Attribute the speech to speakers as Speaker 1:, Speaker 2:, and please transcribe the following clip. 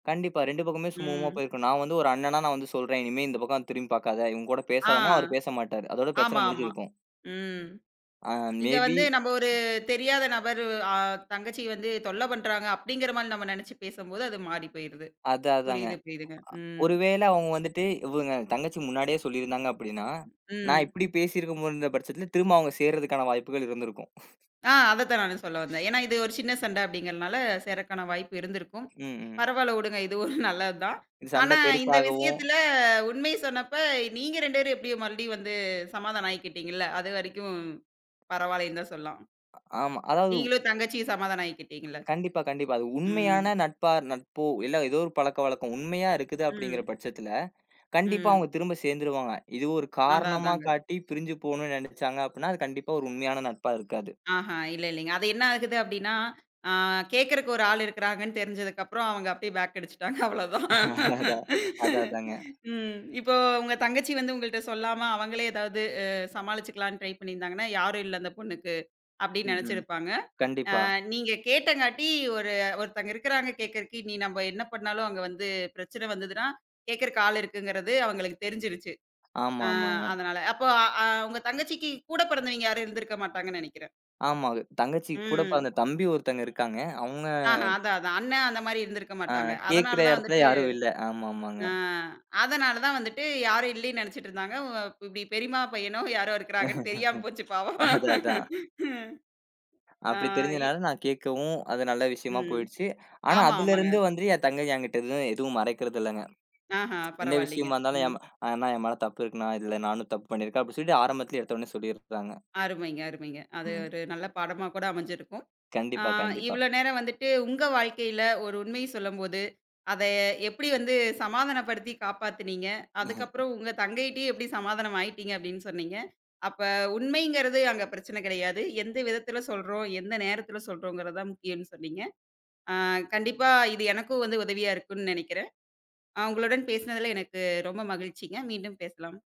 Speaker 1: கண்டிப்பா. 2 பக்கமுமே சுமூகமா
Speaker 2: ம்.
Speaker 1: போயிருக்கும். நான் வந்து ஒரு அண்ணனா நான் வந்து சொல்றேன் இனிமே இந்த பக்கம் திரும்பி பாக்காத. இவுங்க கூட
Speaker 2: ஆ,
Speaker 1: பேசாதன்னா, அவர் பேச மாட்டாரு. அதோட பிரச்சன
Speaker 2: ஆமா ஆமா.
Speaker 1: முடிஞ்சிருக்கும்.
Speaker 2: ம்.
Speaker 1: அ மே
Speaker 2: இங்க
Speaker 1: பி
Speaker 2: வந்து நம்ப ஒரு தெரியாத நபர் அ தங்கச்சி வந்து தொல்லை பண்றாங்க அப்படிங்கிற மாரி நம்ம நெனச்சு பேசும்போது, அது மாறி போயிருது.
Speaker 1: அதா அதாங்க.
Speaker 2: புரியுது புரியுதுங்க ம்.
Speaker 1: ஒருவேளை அவுங்க வந்துட்டு, இவுங்க தங்கச்சி முன்னாடியே சொல்லி இருந்தாங்க அப்படின்னா,
Speaker 2: ம்,
Speaker 1: நான்
Speaker 2: ம்.
Speaker 1: இப்படி பேசி இருக்கும் போது இருந்த பட்சத்துல, திரும்பவும் அவுங்க சேர்றதுக்கான வாய்ப்புகள் இருந்திருக்கும்.
Speaker 2: ஆ, அத தான் நானும் சொல்ல வந்தேன். ஏன்னா, இது ஒரு சின்ன சண்டை அப்படிங்கறதுனால, சேரக்கான வாய்ப்பு இருந்திருக்கும்.
Speaker 1: ம் ம்.
Speaker 2: பரவால்ல உடுங்க, இது ஒரு நல்லது தான்.
Speaker 1: இந்த சண்டை
Speaker 2: ஆனா, இந்த
Speaker 1: பெருசாகவும்
Speaker 2: விஷயத்துல உண்மைய சொன்னப்ப, நீங்க ரெண்டு பேரும் எப்டி மறுபடியும் வந்து சமாதானம் ஆயிக்கிட்டீங்கள்ல! அதுவரைக்கும் பரவாயில்லைன்னு தான் சொல்லாம்.
Speaker 1: ஆமா. அதாவது
Speaker 2: நீங்களும் தங்கச்சியும் சமாதானம் ஆயிக்கிட்டீங்கள்ல!
Speaker 1: கண்டிப்பா கண்டிப்பா. அது
Speaker 2: ம்.
Speaker 1: உண்மையான நட்பா நட்போ, இல்ல ஏதோ ஒரு பழக்கவழக்கம். உண்மையா இருக்குது அப்படிங்கிற
Speaker 2: ம்.
Speaker 1: பட்சத்துல, கண்டிப்பா
Speaker 2: ம்.
Speaker 1: அவுங்க திரும்ப சேந்துருவாங்க. இது ஒரு
Speaker 2: அதா
Speaker 1: காரணமா
Speaker 2: அதாங்க.
Speaker 1: காட்டி, பிரிஞ்சு போணும்னு நெனைச்சாங்க அப்படின்னா, அது கண்டிப்பா ஒரு உண்மையான நட்பா இருக்காது.
Speaker 2: ஆஹா இல்ல இல்லைங்க. அது என்னா ஆகுது அப்படின்னா? அ கேக்குறதுக்கு ஒரு ஆள் இருக்குறாங்கன்னு தெரிஞ்சதுக்கப்புறம், அவங்க அப்பிடியே பேக் அடிச்சிட்டாங்க, அவ்ளோதான்.
Speaker 1: அதான். அதா அதாங்க.
Speaker 2: ம், இப்போ உங்க தங்கச்சி வந்து உங்கள்ட்ட சொல்லாம, அவங்களே ஏதாவது சமாளிச்சுக்கலாம்னு ட்ரை பண்ணீருந்தாங்கன்னா, "யாரும் இல்ல அந்த பொண்ணுக்கு" அப்படின்னு
Speaker 1: ம் ம்.
Speaker 2: நெனச்சிருப்பாங்க.
Speaker 1: கண்டிப்பா.
Speaker 2: அ நீங்க கேட்டங்க்காட்டி, ஒரு ஒருத்தங்க இருக்குறாங்க கேக்குறக்கு, இனி நம்ப என்ன பண்ணாலும் அங்க வந்து பிரச்சனை வந்ததுனா, கேக்குறக்கு ஆள் இருக்குங்கறது, அவங்களுக்கு தெரிஞ்சுருச்சு.
Speaker 1: ஆமா
Speaker 2: அ
Speaker 1: ஆமாங்க.
Speaker 2: அதனால, அப்போ அ உங்க தங்கச்சிக்கு கூட பிறந்தவய்ங்க யாரும் இருந்துருக்க மாட்டாங்கன்னு நெனைக்கிறேன்.
Speaker 1: ஆமாங்க. தங்கச்சி கூட
Speaker 2: ம்.
Speaker 1: பிறந்த தம்பி ஒருத்தங்க இருக்காங்க. அவுங்க
Speaker 2: ஆஹா, அதான் அதான் அண்ணன் அந்த மாரி இருந்திருக்க
Speaker 1: அ
Speaker 2: மாட்டாங்க.
Speaker 1: கேக்கிற
Speaker 2: அதனாலதான்
Speaker 1: எடத்தில
Speaker 2: வந்துட்டு
Speaker 1: யாரும் இல்லை. ஆமா ஆமாங்க.
Speaker 2: அ அதனாலதான் வந்துட்டு யாரும் இல்லைன்னு நெனைச்சுட்டு இருந்தாங்க. உ இப்படி பெரியம்மா பையனோ யாரோ இருக்காங்கன்னு தெரியாம போச்சு பாவம்.
Speaker 1: அதா அதான்.
Speaker 2: ஆ,
Speaker 1: அப்படி
Speaker 2: இ
Speaker 1: தெரிஞ்சதுனால நான் கேட்கவும், அது நல்ல விஷயமா
Speaker 2: ம்.
Speaker 1: போயிடுச்சு. ஆனா,
Speaker 2: ஆமா ஆமாங்க.
Speaker 1: அதிலிருந்து வந்து என் தங்கை என்கிட்ட எதுவும் எதுவும் மறைக்கிறது இல்லைங்க.
Speaker 2: ஆஹா,
Speaker 1: என்னா
Speaker 2: பரவாயில்லைங்க.
Speaker 1: விஷயமா இருந்தாலும்,
Speaker 2: ம்.
Speaker 1: என் மா அ "அண்ணா என் மேல தப்பு இருக்குண்ணா, இதுல நானும் தப்பு பண்ணி இருக்கேன்" அப்படி சொல்லிட்டு ஆரம்பத்துலயே எடுத்தோன்னே சொல்லிடுறாங்க.
Speaker 2: அருமைங்க அருமைங்க. அது
Speaker 1: ம்.
Speaker 2: ஒரு நல்ல பாடமா கூட அமஞ்சிருக்கும். அ
Speaker 1: கண்டிப்பா கண்டிப்பா.
Speaker 2: இவ்வளோ நேரம் வந்துட்டு, உங்க வாழ்க்கையில ஒரு உண்மை சொல்லும்போது, அதை எப்படி வந்து சமாதானப்படுத்தி காப்பாத்துனீங்க, அதுக்கப்புறம் உங்க தங்கைட்டயும் எப்படி சமாதானம் ஆயிட்டீங்க அப்படின்னு சொன்னீங்க. அப்ப உண்மைங்குறது அங்க பிரச்சன கிடையாது. எந்த விதத்தில சொல்றோம், எந்த நேரத்துல சொல்றோம்கிறது தான் முக்கியம்ன்னு சொன்னீங்க. அ கண்டிப்பா இது எனக்கும் வந்து உதவியா இருக்கும்ன்னு நெனைக்கிறேன். அ உங்களுடன் பேசினதுல எனக்கு ரொம்ப மகிழ்ச்சிங்க, மீண்டும் பேசலாம்.